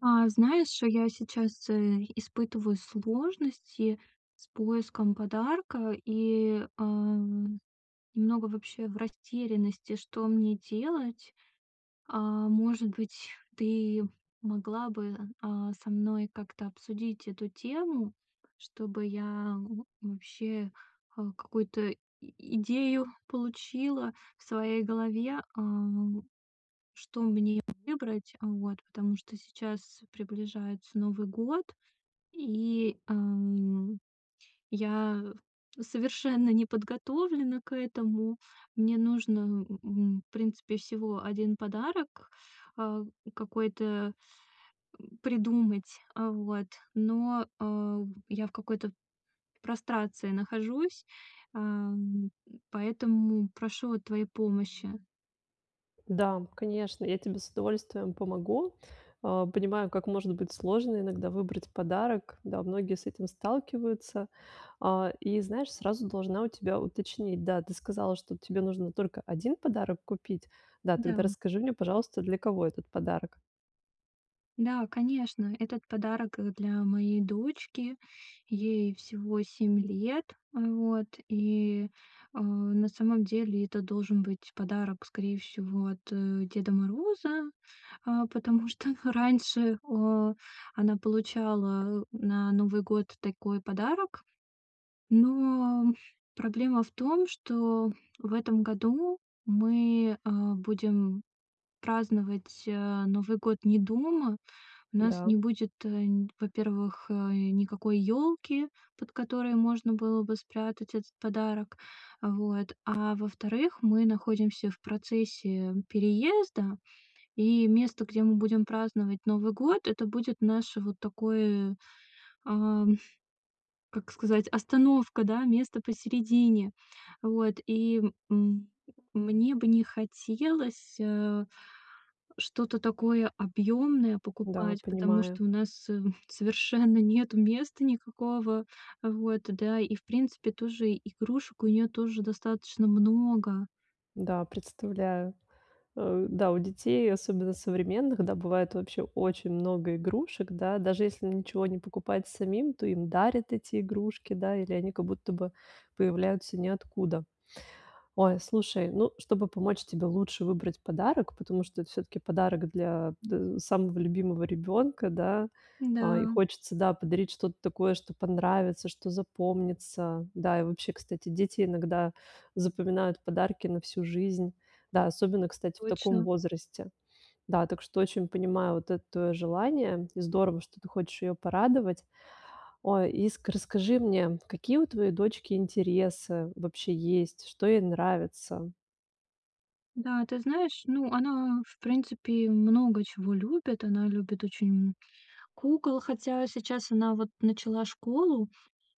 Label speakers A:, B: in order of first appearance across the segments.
A: А, знаешь, я сейчас, э, испытываю сложности с поиском подарка и, э, немного вообще в растерянности, что мне делать. Э, может быть, ты могла бы, э, со мной как-то обсудить эту тему, чтобы я, м, вообще какую-то и идею получила в своей голове. Э, что мне выбрать. Вот, потому что сейчас приближается Новый год и, эм, я совершенно не подготовлена к этому. Мне нужно, м, м, в принципе всего 1 подарок. Э, какой-то, м, придумать. О, вот, но, э, я в какой-то прострации нахожусь. Эм, поэтому прошу вот твоей помощи.
B: Да, конечно, я тебе с удовольствием помогу. Э, понимаю, как может быть сложно иногда выбрать подарок. Да, многие с этим сталкиваются. Э, и знаешь, сразу должна у тебя уточнить. Да, ты сказала, что тебе нужно только 1 подарок купить. Да, тогда
A: Да.
B: расскажи мне, пожалуйста, для кого этот подарок?
A: Да, конечно. Этот подарок, э, для моей дочки. Ей всего 7 лет. Вот, и, э, на самом деле это должен быть подарок, скорее всего, от, э, Деда Мороза. Э, потому что раньше, о она получала на Новый год такой подарок. Но проблема в том, что в этом году мы, э, будем праздновать, э, Новый год не дома. У нас не
B: Да.
A: будет, нь во-первых, э, никакой ёлки, под которой можно было бы спрятать этот подарок. Вот. А во-вторых, мы находимся в процессе переезда. И место, где мы будем праздновать Новый год, это будет наше вот такое, э, как сказать, остановка, да, место посередине. Вот, и м мне бы не хотелось, э, что-то такое объёмное
B: Да,
A: покупать. Потому
B: понимаю.
A: что у нас, м, совершенно нету места никакого. Вот, да и в принципе тоже игрушек у неё тоже достаточно много.
B: Да, представляю. Э, да, у детей, особенно современных, да, бывает вообще очень много игрушек, да. Даже если ничего не покупать самим, то им дарят эти игрушки, да. Или они как будто бы появляются ниоткуда. Ой, слушай, ну, чтобы помочь тебе лучше выбрать подарок, потому что это всё-таки подарок для дэ самого любимого ребёнка, да. А, и
A: Да.
B: хочется, да, подарить что-то такое, что понравится, что запомнится. Да, и вообще, кстати, дети иногда запоминают подарки на всю жизнь. Да, особенно, кстати, в таком
A: Точно.
B: возрасте. Да, так что очень понимаю вот это твоё желание. Здорово, что ты хочешь её порадовать. Ой, и с расскажи мне, какие у твоей дочки интересы вообще есть? Что ей нравится?
A: Да, ты знаешь, ну, она, в принципе, много чего любит. Она любит очень, м, кукол. Хотя сейчас она, вот, начала школу,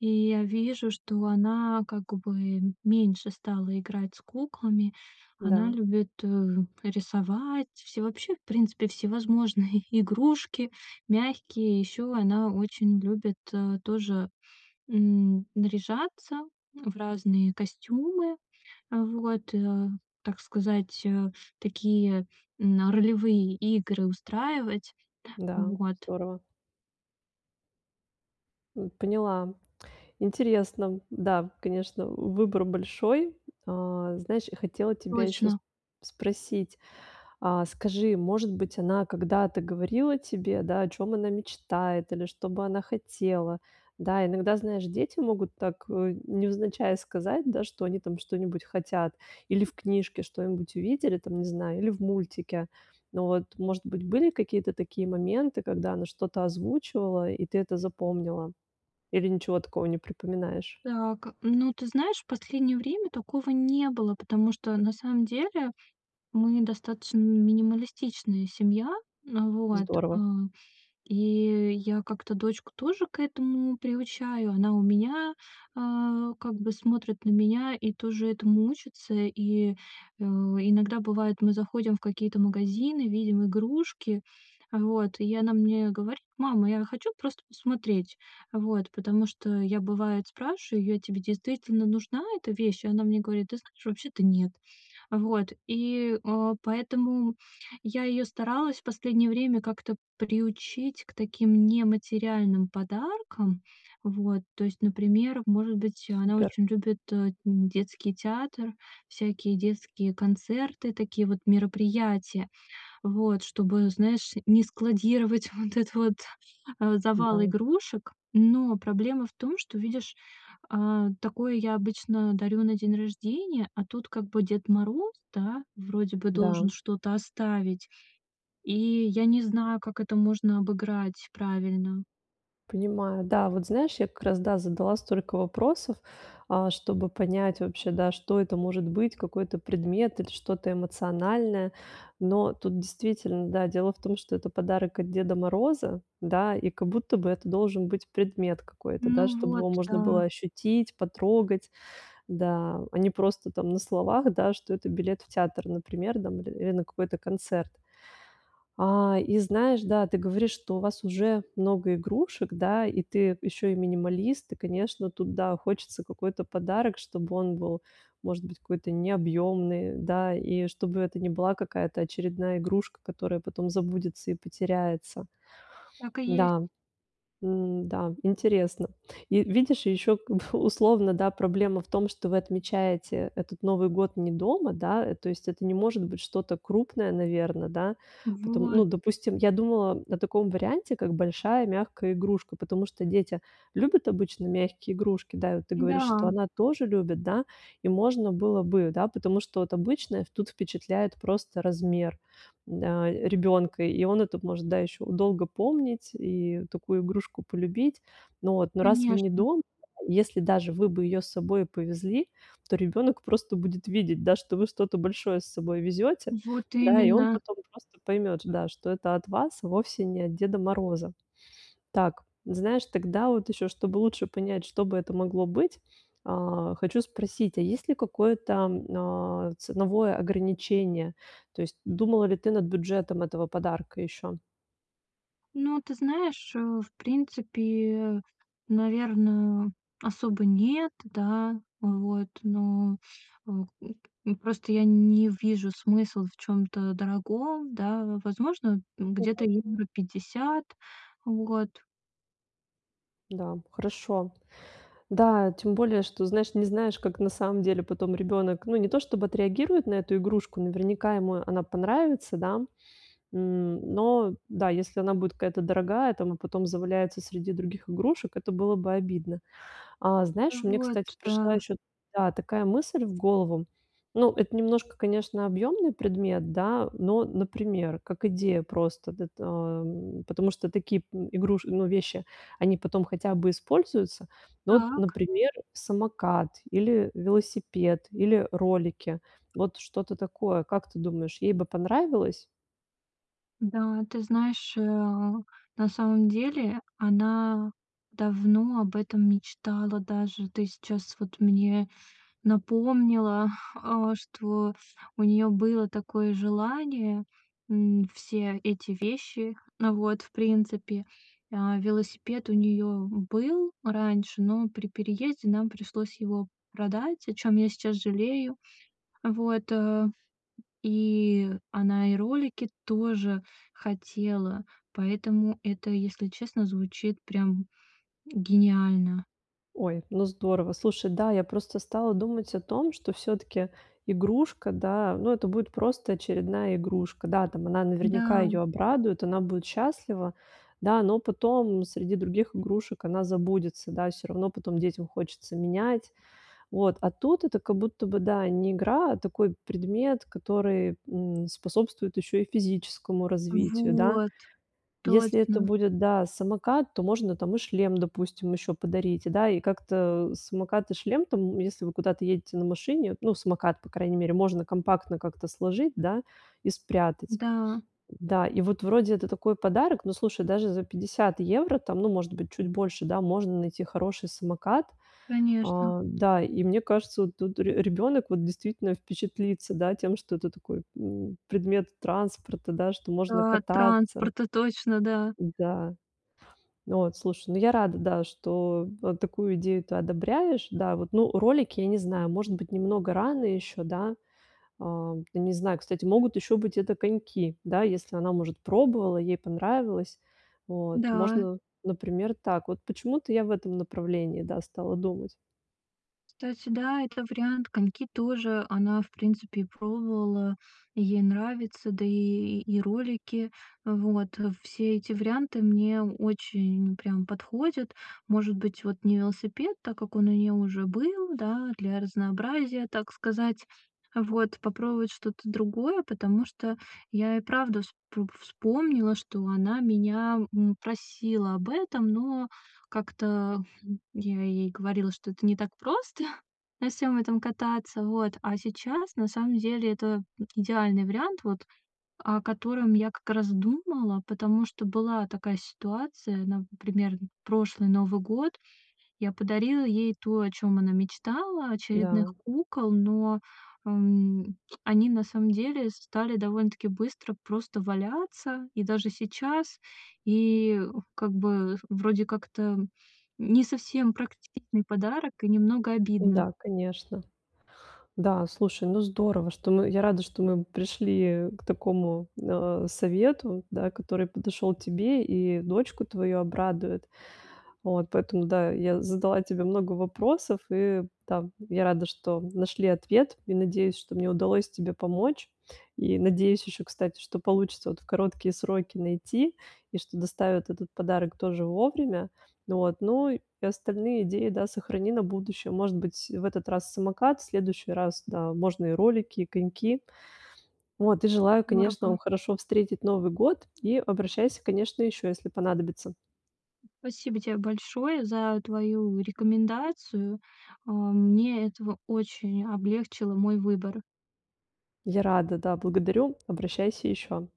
A: и я вижу, что она, как бы, меньше стала играть с куклами. Она
B: Да.
A: любит, э, рисовать, всё вообще, в принципе, всевозможные игрушки, мягкие. Ещё она очень любит, э, тоже, м, наряжаться в разные костюмы. Вот, э, так сказать, э, такие, м, ролевые игры устраивать.
B: Да,
A: Вот.
B: здорово. М, поняла. Интересно. Да, конечно, выбор большой. Э, знаешь, я хотела тебя ещё с
A: Точно.
B: спросить. Э, скажи, может быть, она когда-то говорила тебе, да, о чём она мечтает, или что бы она хотела? Да, иногда, знаешь, дети могут так, э, невзначай сказать, да, что они там что-нибудь хотят. Или в книжке что-нибудь увидели, там, не знаю, или в мультике. Но вот, может быть, были какие-то такие моменты, когда она что-то озвучивала, и ты это запомнила? Или ничего такого не припоминаешь?
A: Так, ну ты знаешь, в последнее время такого не было, потому что на самом деле мы достаточно минималистичная семья. Вот, э,
B: Здорово.
A: и я как-то дочку тоже к этому приучаю. Она у меня, э, как бы смотрит на меня и тоже этому учится. И, э, иногда бывает, мы заходим в какие-то магазины, видим игрушки. Вот, и она мне говорит: "Мама, я хочу просто посмотреть". Вот, потому что я, бывает, спрашиваю: "А тебе действительно нужна эта вещь?" Она мне говорит: "Ты знаешь, вообще-то нет". Вот, и, э, поэтому я её старалась в последнее время как-то приучить к таким нематериальным подаркам. Вот, то есть, например, может быть, она
B: Супер.
A: очень любит детский театр, всякие детские концерты, такие вот мероприятия. Вот, чтобы, знаешь, не складировать вот этот вот, э, завал
B: Да.
A: игрушек. Но проблема в том, что, видишь, э, такое я обычно дарю на день рождения. А тут как бы Дед Мороз, да, вроде бы
B: Да.
A: должен что-то оставить. И я не знаю, как это можно обыграть правильно.
B: Понимаю. Да, вот знаешь, я как раз, да, задала столько вопросов, э, чтобы понять, вообще, да: что это может быть какой-то предмет или что-то эмоциональное? Но тут действительно, да, дело в том, что это подарок от Деда Мороза, да. И как будто бы это должен быть предмет какой-то, да,
A: Ну
B: чтобы
A: вот,
B: его можно было
A: да.
B: ощутить, потрогать. Да, а не просто там на словах, да, что это билет в театр, например, там или на какой-то концерт. Э, и знаешь, да, ты говоришь, что у вас уже много игрушек, да. И ты ещё и минималист. И конечно, тут, да, хочется какой-то подарок, чтобы он был, может быть, какой-то необъёмный, да. И чтобы это не была какая-то очередная игрушка, которая потом забудется и потеряется.
A: Так и есть.
B: Да, м, да, интересно. И видишь, ещё к условно, да, проблема в том, что вы отмечаете этот Новый год не дома, да. То есть это не может быть что-то крупное, наверное, да. Потом, ну,
A: Вот.
B: допустим, я думала о таком варианте, как большая мягкая игрушка. Потому что дети любят обычно мягкие игрушки. Да, и ты говоришь, что
A: Да.
B: она тоже любит, да. И можно было бы, да, потому что вот обычное тут впечатляет просто размер, да, ребёнка, и он это может, да, ещё долго помнить и такую игрушку полюбить. Но раз вы не
A: Конечно.
B: дома, если даже вы бы её с собой повезли, то ребёнок просто будет видеть, да, что вы что-то большое с собой везёте.
A: Вот
B: Да, и он
A: именно.
B: потом просто поймёт, да, что это от вас, вовсе не от Деда Мороза. Так, знаешь, тогда вот ещё, чтобы лучше понять, что бы это могло быть. Э, хочу спросить: а есть ли какое-то, э, ценовое ограничение? То есть думала ли ты над бюджетом этого подарка ещё?
A: Ну, ты знаешь, э, в принципе, наверно, особо нет. Да. Вот, но в, м, просто я н не вижу смысла в чём-то дорогом, да. Возможно, э, где-то
B: [unintelligible]
A: евро 50, вот.
B: Да, хорошо. Да, тем более, что, знаешь, не знаешь, как на самом деле потом ребёнок, ну, не то чтобы отреагирует на эту игрушку, наверняка ему она понравится, да. М но, да, если она будет какая-то дорогая там, а потом заваляется среди других игрушек, это было бы обидно. А
A: А
B: знаешь, мне, кстати,
A: вот,
B: пришла
A: да.
B: ещё да, такая мысль в голову. Ну, это немножко, конечно, объёмный предмет, да, но, например, как идея просто, д эт ам потому что такие, м игруш ну, вещи, они потом хотя бы используются. Ну вот,
A: Так.
B: например, самокат или велосипед, или ролики. Вот что-то такое. Как ты думаешь, ей бы понравилось?
A: Да, ты знаешь, э, на самом деле она давно об этом мечтала даже. Ты сейчас вот мне напомнила, а, что у неё было такое желание, м, все эти вещи. Вот, в принципе. А, велосипед у неё был раньше, но при переезде нам пришлось его продать, о чём я сейчас жалею. Вот, а, и она, и ролики тоже хотела, поэтому это, если честно, звучит прям гениально.
B: Ой, ну здорово. Слушай, да, я просто стала думать о том, что всё-таки игрушка, да, ну, это будет просто очередная игрушка. Да, там, она наверняка
A: Да.
B: её обрадует, она будет счастлива, да, но потом среди других игрушек она забудется, да, всё равно потом детям хочется менять. Вот, а тут это как будто бы, да, не игра, а такой предмет, который, м, способствует ещё и физическому развитию, да.
A: Вот,
B: Если это
A: точно.
B: будет, да, самокат, то можно там и шлем, допустим, ещё подарить. И, да, и как-то самокат и шлем, там если вы куда-то едете на машине, ну, самокат, по крайней мере, можно компактно как-то сложить, да, и спрятать.
A: Да.
B: Да, и вот вроде это такой подарок, но, слушай, даже за 50 евро, там, ну, может быть, чуть больше, да, можно найти хороший самокат.
A: Конечно.
B: А, да, и мне кажется, вот тут ре ребёнок вот действительно впечатлится, да, тем, что это такой, м, предмет транспорта, да, что можно
A: Да,
B: кататься.
A: транспорта точно, да.
B: Да. Вот, слушай, ну, я рада, да, что, а, такую идею ты одобряешь. Да, вот, ну, ролики, я не знаю, может быть, немного рано ещё, да, ам, ну, не знаю, кстати, могут ещё быть это коньки, да? Если она, может, пробовала, ей понравилось. Вот.
A: Да.
B: Можно, например, так, вот почему-то я в этом направлении, да, стала думать.
A: Кстати, да, это вариант. Коньки тоже она, в принципе, пробовала, и ей нравится. Да и и ролики. Вот. Все эти варианты мне очень прям подходят. Может быть, вот, не велосипед, так как он у неё уже был, да, для разнообразия, так сказать. Вот, попробовать что-то другое, потому что я и правда вспо вспомнила, что она меня, м, просила об этом, но как-то я ей говорила, что это не так просто на всем этом кататься. Вот, а сейчас на самом деле это идеальный вариант, вот, о котором я как раз думала, потому что была такая ситуация. Например, прошлый Новый год. Я подарила ей то, о чём она мечтала, очередных
B: Да.
A: кукол, но, ам, они на самом деле стали довольно-таки быстро просто валяться, и даже сейчас. И как бы вроде как-то, м, не совсем практиктичный подарок и немного обидно.
B: Да, конечно. Да, слушай, ну, здорово, что мы я рада, что мы пришли к такому, ну, совету, да, который подошёл тебе и дочку твою обрадует. Вот, поэтому, да, я задала тебе много вопросов, и там я рада, что нашли ответ, и надеюсь, что мне удалось тебе помочь. И надеюсь ещё, кстати, что получится вот в короткие сроки найти, и что доставят этот подарок тоже вовремя. Вот, ну, и остальные идеи, да, сохрани на будущее. Может быть, в этот раз самокат, в следующий раз, да, можно и ролики, коньки. Вот и желаю, конечно, вам
A: Здорово.
B: хорошо встретить Новый год, и обращайся, конечно, ещё, если понадобится.
A: Спасибо те большое за твою рекомендацию. А, мне этого очень облегчило мой выбор.
B: Я рада, да. Благодарю. Обращайся еще.